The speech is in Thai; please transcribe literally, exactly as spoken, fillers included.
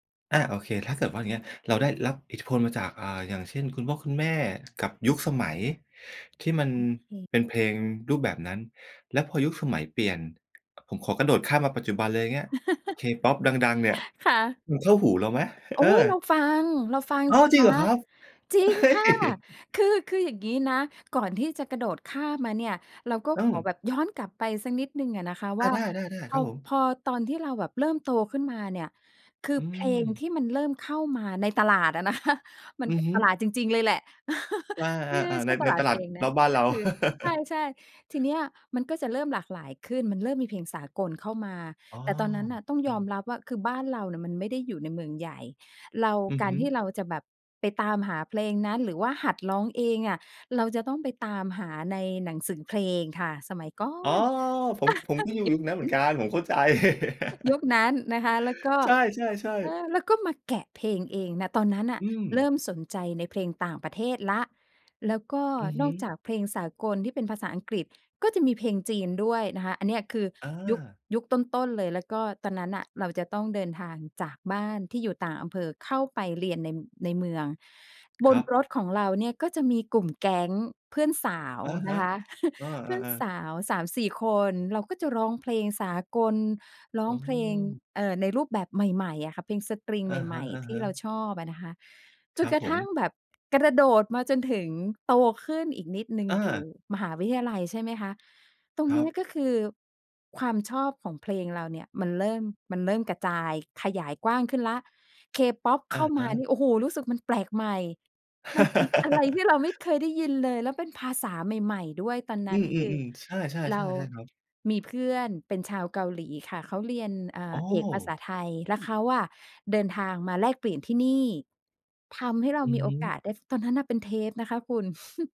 อา โอเค ถ้าเกิดว่า อย่างเงี้ย เราได้รับอิทธิพลมาจาก อ่า อย่างเช่นคุณพ่อคุณแม่กับยุคสมัย ที่มันโอเค เป็นเพลงรูปแบบนั้น แล้วพอยุคสมัยเปลี่ยน ผมขอกระโดดข้ามมาปัจจุบันเลย อย่างเงี้ย K-pop ดัง ๆ เนี่ย ค่ะ มันเข้าหูเราไหม? โอ๊เอย! เรอ าฟัง เราฟังอ้าสว ิจริคงเหะ รอครับ? จริงเฮ่ย! ค่ะ คือ คืออย่างงี้นะ ก่อนที่จะกระโดดข้ามมาเนี่ย เราก็อืขอม แบบย้อนกลับไปสักนิดหนึ่งอะนะคะอวา ่า ได้ ๆ พๆ คอ รับผม พอตอนที่เราแบบเริ่มโตขึ้นมาเนี่ย คืออเพลงทืม ี่มันเริ่มเข้ามาในตลาดอะนะ คะ มัอน ือฮึ ตลาดจริง ๆ เลยแหละ อา เพื่อ ๆ ๆ ใชใน ่ตในลาตดลเพาดลงนระ อบบ้านกเร็า คือ ใช่ ๆ ทีเนี้ย มันก็จะเริ่มหลากหลายขึ้น มันเริ่มมีเพลงสากลเข้ามา อ๋อ แต่ตอนนั้นน่ะ ต้องจรยิอง มรับว่า คือบ้านเรานะมันไม่ได้อยู่ในเมืองใหญ่ เราอือกาฮรึ ที่เราจะแบบ ไปตามหาเพลงนั้น หรือว่าหัดร้องเองอะ เราจะต้องไปตามหาในหนังสือเพลงค่ะ สมัยก่ออ๋อ น ผม ผมก็อยู่ยุคนั้นเหมือนกัน ผมเข้าใจ ยุคนั้นนะคะ แล้วก็ ใช่ เอๆ ๆ อ แล้วก็มาแกะเพลงเองนะ ตอนนั้นน่อะืม เริ่มสนใจในเพลงต่างประเทศแล้ว แล้วก็อือฮนอึ กจากเพลงสากลที่เป็นภาษาอังกฤษ ก็จะมีเพลงจีนด้วยนะคะ อันเนี้ยคืออยุค า ยุคต้น ๆ เลย แล้วก็ตอนนั้นน่ะเราจะต้องเดินทางจากบ้านที่อยู่ต่างอำเภอเข้าไปเรียนใน ในเมือง บครนับ รถของเราเนี่ย ก็จะมีกลุ่มแก๊งเพื่อนสาวอะฮนะ ะคะ เอเพื่อนอ ๆ สๆ าว สามสี่ คน เราก็จะร้องเพลงสากล ร้ออืงเพลง ม เอ่อ ในรูปแบบใหม่ ๆ อะค่ะ เพลงสตริงอะใฮหม่ ๆ ที่ะ เราๆ ชอบอะนะคะ จครนับกรผะทม ั่งแบบกระโดดมาจนถึงโตขึ้นอีกนิดหนึ่ง ออยู่า มหาวิทยาลัย ใช่ไหมคะ ตรคงรเนัี้ย บ ก็คือความชอบของเพลงเราเนี่ย มันเริ่ม มันเริ่มกระจายขยายกว้างขึ้นแล้ว K-pop อเขะ้ามฮานะ ี่ โอ้โฮ รู้สึกมันแปลกใหม่ มันเป็นอะไรที่เราไม่เคยได้ยินเลย แล้วเป็นภาษาใหม่ ๆ ด้วยตอนนอืั้น คืออ ๆ ๆ ใช่ ๆ ๆ เรา ๆ ครับ มีเพื่อนเป็นชาวเกาหลีค่ะ เขาเรียน อ่อ๋า อ เอกภาษาไทย แล้วเขาอะเดินทางมาแลกเปลี่ยนที่นี่ ทำให้เราอืมอีโฮอกึ าสได้ ตอนนั้นน่ะเป็นเทปนะคะคุณ